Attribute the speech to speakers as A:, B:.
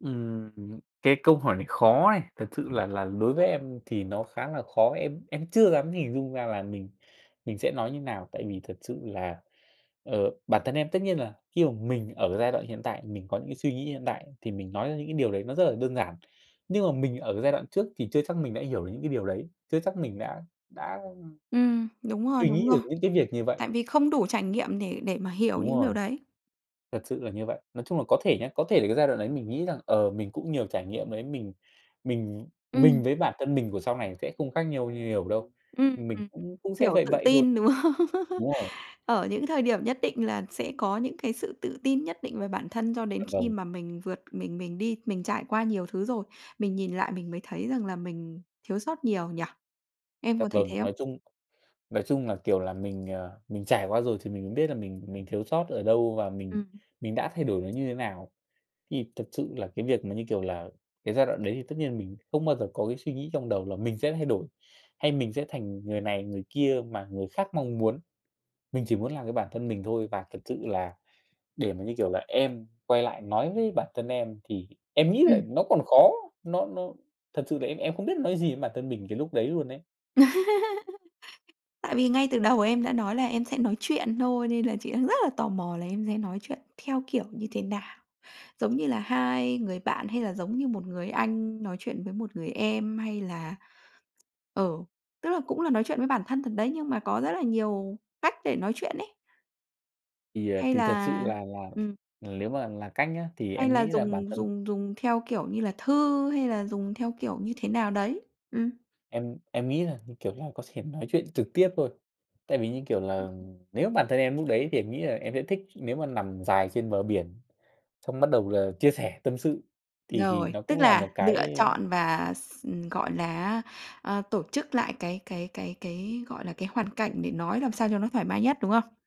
A: Ừm, hừm. Cái câu hỏi này khó này. Thật sự là là đối với em thì nó khá là khó. Em em chưa dám hình dung ra là mình mình sẽ nói như nào. Tại vì thật sự là, ờ, bản thân em tất nhiên là khi mà mình ở giai đoạn hiện tại thì mình có những suy nghĩ hiện tại thì mình nói ra những cái điều đấy nó rất là đơn giản. Nhưng mà mình ở cái giai đoạn trước thì chưa chắc mình đã hiểu được những cái điều đấy, chưa chắc mình đã đã, ưm,
B: Ừm, đúng rồi,
A: suy
B: đúng
A: nghĩ được
B: rồi.
A: những cái việc như vậy.
B: Tại vì không đủ trải nghiệm để để mà hiểu
A: Đúng
B: những
A: rồi.
B: điều đấy.
A: Thật sự là như vậy. Nói chung là có thể nha, có thể là cái giai đoạn đấy mình nghĩ rằng, ờ, mình cũng nhiều trải nghiệm ấy. Mình mình
B: Ừm.
A: mình với bản thân mình của sau này sẽ không khác nhau nhiều đâu.
B: Ừm, ừm,
A: Mình
B: ừm.
A: cũng cũng sẽ
B: Kiểu,
A: vậy
B: tự
A: vậy thôi.
B: tin, đúng không?
A: Đúng rồi.
B: Ở những thời điểm nhất định là sẽ có những cái sự tự tin nhất định về bản thân, cho đến
A: Dạ,
B: khi
A: vâng.
B: mà mình vượt mình mình đi mình trải qua nhiều thứ rồi. Mình nhìn lại mình mới thấy rằng là mình thiếu sót nhiều nhỉ? Em
A: Dạ,
B: có thấy
A: vâng,
B: thế không?
A: nói chung nói chung là, kiểu là, mình, ờ, mình trải qua rồi thì mình biết là mình mình thiếu sót ở đâu và mình
B: Ừm hứm.
A: mình đã thay đổi nó như thế nào. Thì thật sự là cái việc mà như, kiểu là, cái giai đoạn đấy thì tất nhiên mình không bao giờ có cái suy nghĩ trong đầu là mình sẽ thay đổi, hay mình sẽ thành người này người kia mà người khác mong muốn. Mình chỉ muốn làm cái bản thân mình thôi và thật sự là để mà như, kiểu là, em quay lại nói với bản thân em thì em nghĩ là
B: Ừm.
A: nó còn khó. Nó nó thật sự là em em không biết nói gì với bản thân mình cái lúc đấy luôn ấy.
B: Tại vì ngay từ đầu em đã nói là em sẽ nói chuyện thôi, nên là chị đang rất là tò mò là em sẽ nói chuyện theo kiểu như thế nào? Giống như là hai người bạn hay là giống như một người anh nói chuyện với một người em? Hay là ờ, tức là cũng là nói chuyện với bản thân thật đấy, nhưng mà có rất là nhiều cách để nói chuyện ấy.
A: Thì, ờ,
B: Hay
A: thì thật sự
B: là
A: là là,
B: ừm.
A: ờ, lếu mà là cách nhá, thì
B: Hay
A: em
B: là
A: nghĩ là bản
B: dùng
A: thân
B: dùng dùng theo kiểu như là thư hay là dùng theo kiểu như thế nào đấy? Ừm.
A: em em nghĩ là như, kiểu là, có thể nói chuyện trực tiếp thôi. Tại vì như, kiểu
B: Ừm,
A: là,
B: ừm.
A: nếu mà bản thân em lúc đấy thì em nghĩ là em sẽ thích nếu mà nằm dài trên bờ biển, xong bắt đầu là chia sẻ tâm sự thì thì
B: Rồi.
A: nó
B: Tức
A: cũng là
B: là
A: một
B: lựa
A: cái, ơ
B: chọn và x ừm, gọi là á, a, tổ chức lại cái cái cái cái, gọi là, cái hoàn cảnh để nói làm sao cho nó thoải mái nhất, đúng không?